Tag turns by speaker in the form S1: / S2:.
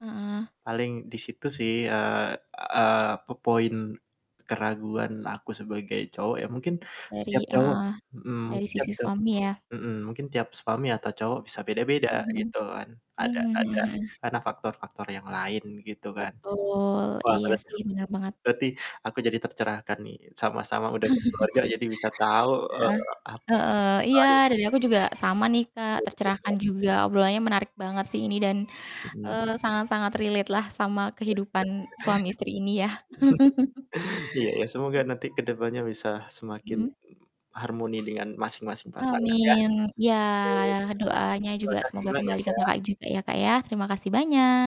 S1: Heeh.
S2: Paling di situ sih, eee eee, po point keraguan
S1: Iya.
S2: aku sebagai cowok ya, mungkin
S1: Dari
S2: tiap cowok
S1: heeh,
S2: mhm,
S1: dari
S2: tiap
S1: sisi
S2: tiap
S1: suami ya.
S2: mhm, mungkin tiap suami atau cowok bisa beda-beda
S1: Mmm, mhm.
S2: gitu kan, ada
S1: Mmm,
S2: ada
S1: mhm mhm.
S2: karena faktor-faktor yang lain gitu kan.
S1: Betul.
S2: Wah,
S1: Iya
S2: berarti
S1: sih, bener banget.
S2: berarti aku jadi tercerahkan nih, sama-sama udah berkeluarga jadi bisa tahu, eee,
S1: Heeh,
S2: ap
S1: heeh, iya, dari aku
S2: [unintelligible]
S1: juga sama nih Kak, tercerahkan
S2: [unintelligible]
S1: juga, obrolannya menarik banget sih ini, dan,
S2: Mmm.
S1: eee, sangat-sangat relate lah sama kehidupan suami istri ini ya.
S2: Iya iya, semoga
S1: M
S2: nanti ke depannya bisa semakin
S1: Mhm.
S2: harmoni dengan masing-masing pasangan ya.
S1: Amin. Ya
S2: [unintelligible]
S1: doanya
S2: Terima
S1: juga
S2: kasih
S1: semoga
S2: banyak
S1: kembali ke
S2: ya.
S1: Kakak juga ya Kak ya, terima kasih banyak.